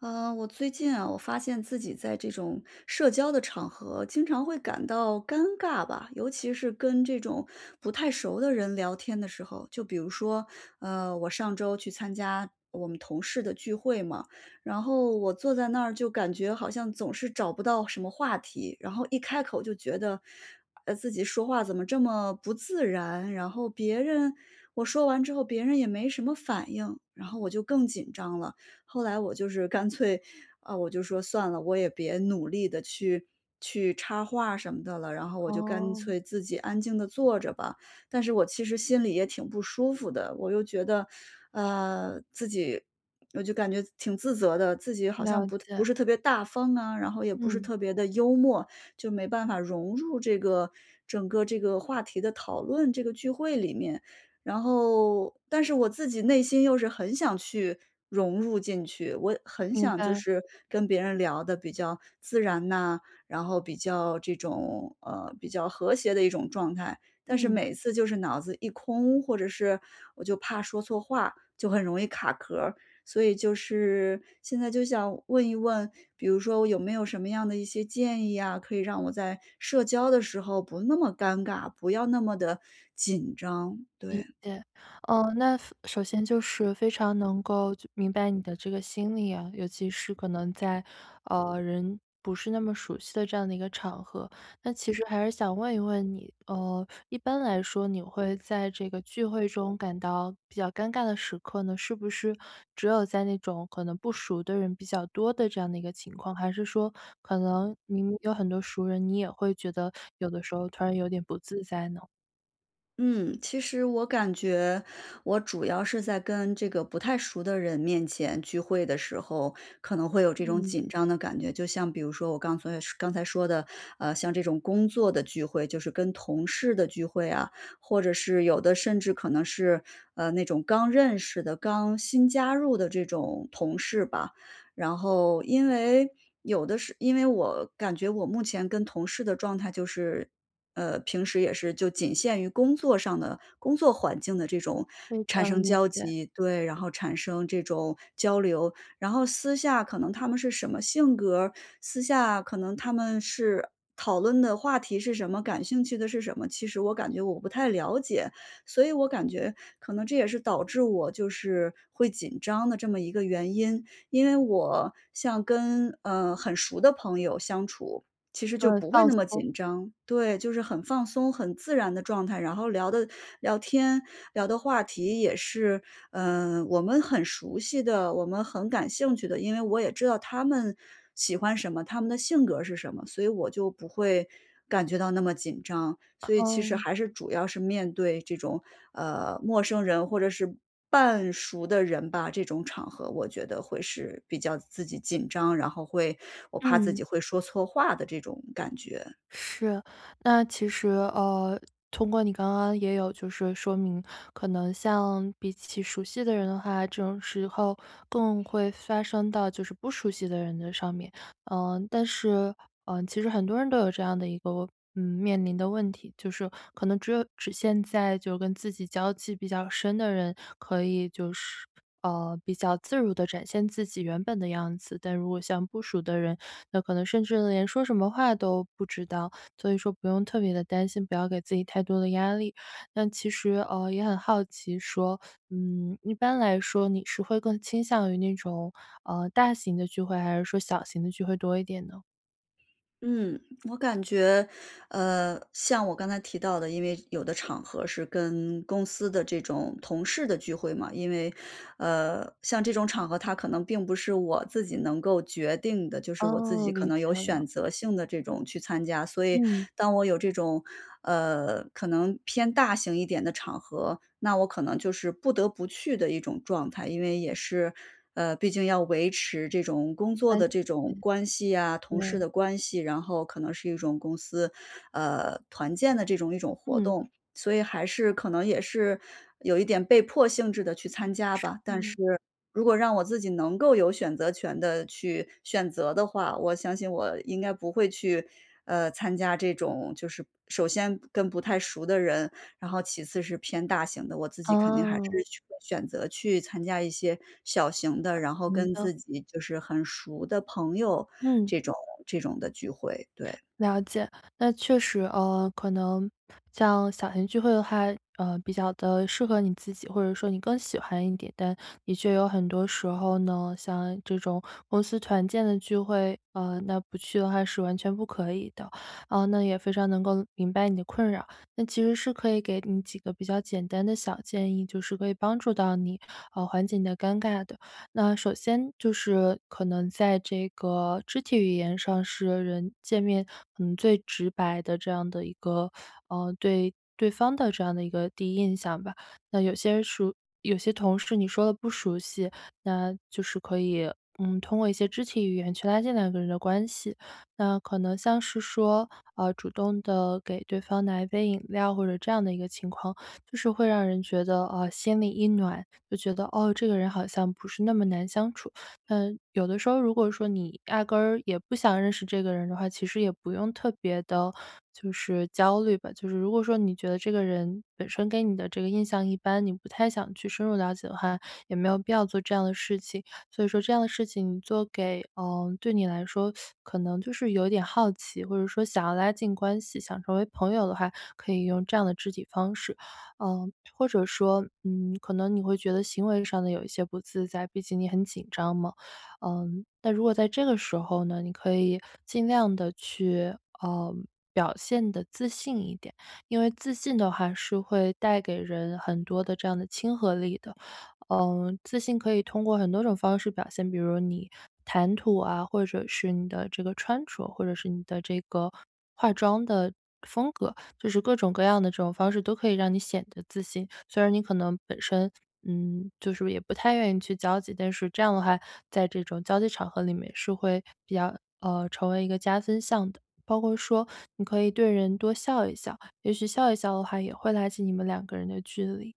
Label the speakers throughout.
Speaker 1: 呃，我最近啊，我发现自己在这种社交的场合经常会感到尴尬吧。尤其是跟这种不太熟的人聊天的时候，就比如说，呃，我上周去参加我们同事的聚会嘛，然后我坐在那儿就感觉好像总是找不到什么话题，然后一开口就觉得自己说话怎么这么不自然，然后别人我说完之后别人也没什么反应，然后我就更紧张了。后来我就是干脆啊，我就说：“算了，我也别努力地去去插话什么的了。”然后我就干
Speaker 2: 哦。
Speaker 1: 脆自己安静地坐着吧。但是我其实心里也挺不舒服的，我又觉得，呃，自己我就感觉挺自责的，自己好像
Speaker 2: 了
Speaker 1: 不不
Speaker 2: 解。
Speaker 1: 是特别大方啊，然后也不是
Speaker 2: 嗯。
Speaker 1: 特别的幽默，就没办法融入这个整个这个话题的讨论，这个聚会里面。然后但是我自己内心又是很想去融入进去，我很
Speaker 2: 明
Speaker 1: 想就
Speaker 2: 白。
Speaker 1: 是跟别人聊得比较自然呐，然后比较这种呃，比较和谐的一种状态。但是
Speaker 2: 嗯。
Speaker 1: 每次就是脑子一空，或者是我就怕说错话，就很容易卡壳儿。所以就是现在就想问一问，比如说有没有什么样的一些建议呀，可以让我在社交的时候不那么尴尬，不要那么地紧张，
Speaker 2: 理
Speaker 1: 对。
Speaker 2: 解。呃，那首先就是非常能够就明白你的这个心理啊，尤其是可能在，呃，人不是那么熟悉的这样的一个场合。那其实还是想问一问你，呃，一般来说你会在这个聚会中感到比较尴尬的时刻呢，是不是只有在那种可能不熟的人比较多的这样的一个情况？还是说可能你有很多熟人，你也会觉得 有的时候突然有点不自在呢？
Speaker 1: 嗯，其实我感觉我主要是在跟这个不太熟的人面前聚会的时候，可能会有这种
Speaker 2: 嗯。
Speaker 1: 紧张的感觉。就像比如说我刚才刚才说的，啊，像这种工作的聚会，就是跟同事的聚会啊，或者是有的甚至可能是，呃，那种刚认识的，刚新加入的这种同事吧。然后因为有的是因为我感觉我目前跟同事的状态就是呃，平时也是就仅限于工作上的工作环境的这种
Speaker 2: 会这
Speaker 1: 产
Speaker 2: 样，
Speaker 1: 生
Speaker 2: 理
Speaker 1: 交
Speaker 2: 解。
Speaker 1: 集，对，然后产生这种交流。然后私下可能他们是什么性格儿，私下可能他们是讨论的话题是什么、感兴趣的是什么，其实我感觉我不太了解。所以我感觉可能这也是导致我就是会紧张的这么一个原因。因为我像跟，呃，很熟的朋友相处，其实
Speaker 2: 就
Speaker 1: 就
Speaker 2: 是
Speaker 1: 不会
Speaker 2: 放
Speaker 1: 那么
Speaker 2: 松。
Speaker 1: 紧张。对，就是很放松、很自然的状态。然后聊的聊天聊的话题也是，嗯，我们很熟悉的、我们很感兴趣的，因为我也知道他们喜欢什么，他们的性格儿是什么，所以我就不会感觉到那么紧张，所以其实
Speaker 2: 哦。
Speaker 1: 还是，主要是面对这种，呃，陌生人或者是半熟的人吧，这种场合我觉得会是比较自己紧张，然后会我怕自
Speaker 2: 嗯。
Speaker 1: 己会说错话的这种感觉。
Speaker 2: 是，那其实，呃，通过你刚刚也有就是说明，可能像比起熟悉的人的话，这种时候更会发生到就是不熟悉的人的上面，呃，但是，呃，其实很多人都有这样的一个嗯，面临的问题，就是可能只有只现在就是跟自己交际比较深的人可以就是呃，比较自如地展现自己原本的样子。但如果像不熟的人，那可能甚至呢，连说什么话都不知道，所以说不用特别地担心，不要给自己太多的压力。那其实，呃，也很好奇说，嗯，一般来说你是会更倾向于那种，呃，大型的聚会，还是说小型的聚会多一点呢？
Speaker 1: 嗯，我感觉呃，像我刚才提到的，因为有的场合是跟公司的这种同事的聚会嘛，因为呃，像这种场合它可能并不是我自己能够决定的，就是我自
Speaker 2: 哦，
Speaker 1: 己可
Speaker 2: 理
Speaker 1: 能有
Speaker 2: 解了。
Speaker 1: 选择性地这种去参加，所以
Speaker 2: 嗯。
Speaker 1: 当我有这种，呃，可能偏大型一点的场合，那我可能就是不得不去的一种状态。因为也是呃，毕竟要维持这种工作
Speaker 2: 歪，
Speaker 1: 的这种
Speaker 2: 咦。
Speaker 1: 关系啊，同事
Speaker 2: 对。
Speaker 1: 的关系，然后可能是一种公司，呃，团建的这种一种活
Speaker 2: 嗯。
Speaker 1: 动，所以还是可能也是有一点被迫性质地去参加吧。但是
Speaker 2: 是。
Speaker 1: 如果让我自己能够有选择权地去选择的话，我相信我应该不会去，呃，参加这种就是首先跟不太熟的人，然后其次是偏大型的，我自己肯定还是
Speaker 2: 哦。
Speaker 1: 选择去参加一些小型的，
Speaker 2: 呃，
Speaker 1: 然后
Speaker 2: 行
Speaker 1: 跟
Speaker 2: 的。
Speaker 1: 自己就是很熟的朋友
Speaker 2: 嗯。
Speaker 1: 这种这种的聚会，对。
Speaker 2: 了解，那确实，呃，可能像小型聚会的话，呃，比较地适合你自己，或者说你更喜欢一点，但的确有很多时候呢，像这种公司团建的聚会，呃，那不去的话是完全不可以的。啊，那也非常能够明白你的困扰，那其实是可以给你几个比较简单的小建议，就是可以帮助到你，呃，缓解你的尴尬的。那首先就是可能在这个肢体语言上是人见面，嗯，最直白的这样的一个，呃，对对方的这样的一个第一印象吧，那有些人熟有些同事你说得不熟悉，那就是可以，嗯，通过一些肢体语言去拉近两个人的关系。那可能像是说，呃，主动地给对方拿一杯饮料，或者这样的一个情况，就是会让人觉得，呃，心里一暖，就觉得，哦，这个人好像不是那么难相处。嗯，有的时候如果说你压根也不想认识这个人的话，其实也不用特别地就是焦虑吧，就是如果说你觉得这个人本身给你的这个印象一般，你不太想去深入了解的话，也没有必要做这样的事情，所以说这样的事情做给呃，对你来说 可能就是有点好奇，或者说想要拉近关系，想成为朋友的话，可以用这样的肢体方式。呃，或者说，嗯，可能你会觉得行为上的有一些不自在，毕竟你很紧张嘛。嗯，那如果在这个时候呢，你可以尽量地去，呃，表现得自信一点，因为自信的话是会带给人很多的这样的亲和力的，呃，自信可以通过很多种方式表现，比如说你谈吐啊，或者是你的这个穿着，或者是你的这个化妆的风格，就是各种各样的这种方式都可以让你显得自信。虽然你可能本身，嗯，就是也不太愿意去交际，但是这样的话，在这种交际场合里面是会比较呃，成为一个加分项的。包括说你可以对人多笑一笑，也许笑一笑的话，也会拉起你们两个人的距离。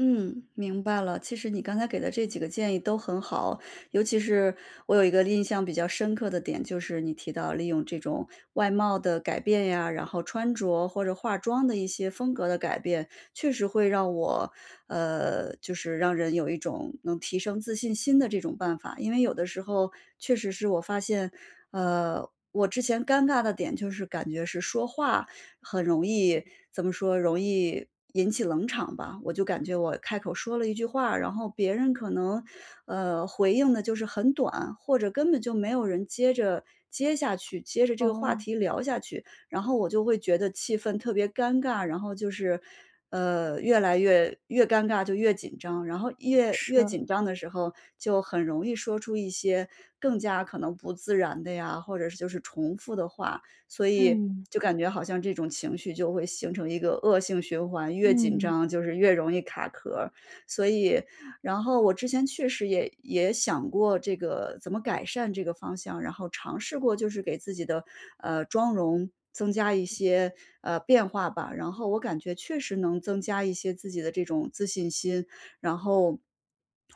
Speaker 1: 嗯，明白了。其实你刚才给的这几个建议都很好。尤其是我有一个印象比较深刻的点，就是你提到利用这种外貌的改变呀，然后穿着或者化妆的一些风格的改变，确实会让我呃，就是让人有一种能提升自信心的这种办法。因为有的时候确实是我发现呃，我之前尴尬的点就是感觉是说话很容易
Speaker 2: 嗯。
Speaker 1: 怎么说容易引起冷场吧，我就感觉我开口说了一句话，然后别人可能，呃，回应得就是很短，或者根本就没有人接着接下去，接着这个话
Speaker 2: 哦。
Speaker 1: 题聊下去。然后我就会觉得气氛特别尴尬，然后就是，呃，越来越越尴尬就越紧张，然后越越
Speaker 2: 是。
Speaker 1: 紧张的时候就很容易说出一些更加可能不自然的呀，或者是就是重复的话，所以
Speaker 2: 嗯。
Speaker 1: 就感觉好像这种情绪就会形成一个恶性循环，越紧
Speaker 2: 嗯。
Speaker 1: 张就是越容易卡壳儿。所以然后我之前确实也也想过这个怎么改善这个方向，然后尝试过就是给自己的，呃，妆容增加一些，呃，变化吧。然后我感觉确实能增加一些自己的这种自信心，然后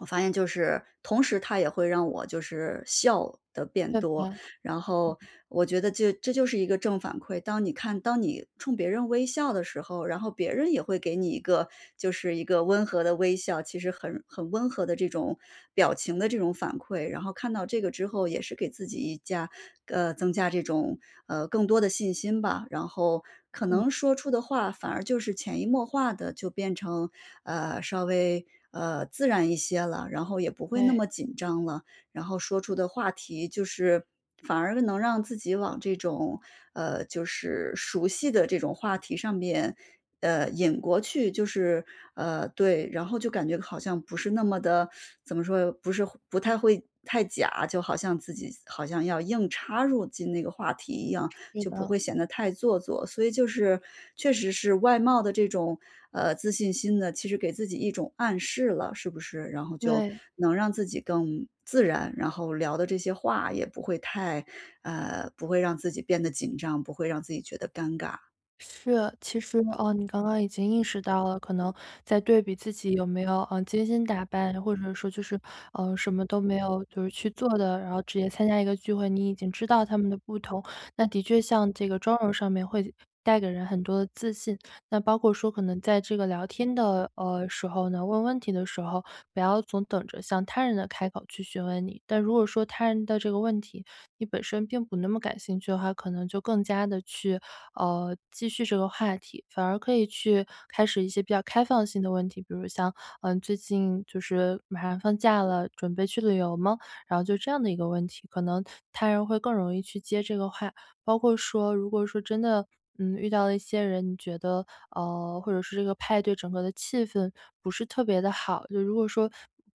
Speaker 1: 我发现就是，同时它也会让我就是笑得变
Speaker 2: [unintelligible]
Speaker 1: 多，
Speaker 2: 嗯。
Speaker 1: 然后我觉得这这就是一个正反馈。当你看当你冲别人微笑的时候，然后别人也会给你一个就是一个温和的微笑，其实很很温和的这种表情的这种反馈，然后看到这个之后也是给自己一加呃，增加这种呃，更多的信心吧。然后可
Speaker 2: 嗯。
Speaker 1: 能说出的话反而就是潜移默化地就变成，呃，稍微，呃，自然一些了，然后也不会那
Speaker 2: 对。
Speaker 1: 么紧张了。然后说出的话题就是反而能让自己往这种呃，就是熟悉的这种话题上面，呃，引过去。就是呃，对。然后就感觉好像不是那么的 怎么说，不是不太会太假，就好像自己好像要硬插入进那个话题一样，
Speaker 2: 是
Speaker 1: 就不
Speaker 2: 的。
Speaker 1: 会显得太做作，所以就是确实是外貌的这种，呃，自信心呢，其实给自己一种暗示了，是不是？然后就
Speaker 2: 对。
Speaker 1: 能让自己更自然，然后聊的这些话也不会太呃，不会让自己变得紧张，不会让自己觉得尴尬。
Speaker 2: 是，其实，呃，你刚刚已经意识到了，可能在对比自己有没有，呃，精心打扮，或者说就是，呃，什么都没有就是去做的，然后直接参加一个聚会，你已经知道它们的不同。那的确像这个妆容上面会带给人很多自信，那包括说可能在这个聊天的，呃，时候呢，问问题的时候，不要总等着，先让他人来开口去询问你。但如果说他人的这个问题，你本身并不那么感兴趣的话，可能就更加地去，呃，继续这个话题。反而可以去开始一些比较开放性的问题，比如像，呃，“最近就是马上放假了，准备去旅游吗？”然后就这样的一个问题，可能他人会更容易去接这个话。包括说如果说真的，嗯，遇到了一些人，你觉得，呃，或者是这个派对整个的气氛，不是特别地好。就如果说，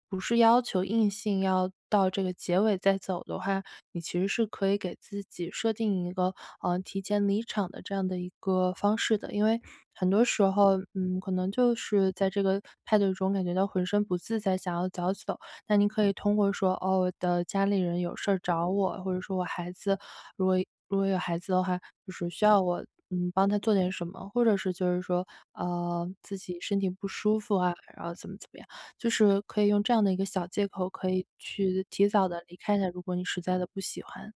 Speaker 2: 不是要求硬性要到这个结尾再走的话，你其实是可以给自己设定一个，呃，提前离场的这样的一个方式的。因为，很多时候，嗯，可能就是在这个派对中感觉到浑身不自在想要早走。那您可以通过说：“哦，我的家里人有事找我”，或者说：“我孩子”，如果如果有孩子的话，就是“……需要我，嗯，帮他做点什么”。或者是就是说，呃，自己身体不舒服啊，然后怎么怎么样。就是可以用这样的一个小借口，可以去提早地离开的，如果你实在的不喜欢。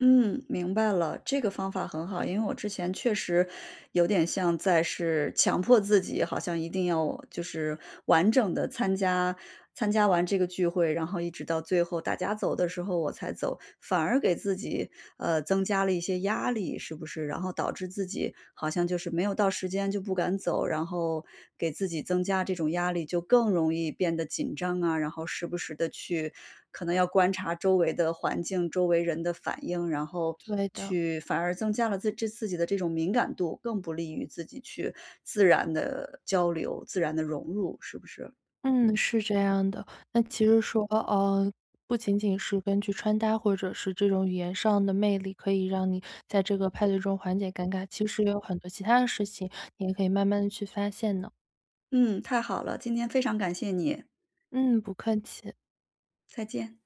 Speaker 1: 嗯，明白了，这个方法很好，因为我之前确实，有点像在是强迫自己好像一定要就是完整的参加参加完这个聚会，然后一直到最后大家走的时候我才走。反而给自己，呃，增加了一些压力，是不是？然后导致自己好像就是没有到时间就不敢走。然后，给自己增加这种压力就更容易变得紧张啊，然后时不时地去可能要观察周围的环境，周围人的反应，然后
Speaker 2: 对的。
Speaker 1: 去反而增加了自这自己的这种敏感度，更不利于自己去自然地交流，自然地融入，是不是？
Speaker 2: 嗯，是这样的。那其实说呃，不仅仅是根据穿搭或者是这种语言上的魅力，可以让你在这个派对中缓解尴尬，其实也有很多其他的事情，你也可以慢慢地去发现呢。
Speaker 1: 嗯，太好了，今天非常感谢你！
Speaker 2: 嗯！不客气。
Speaker 1: 再见。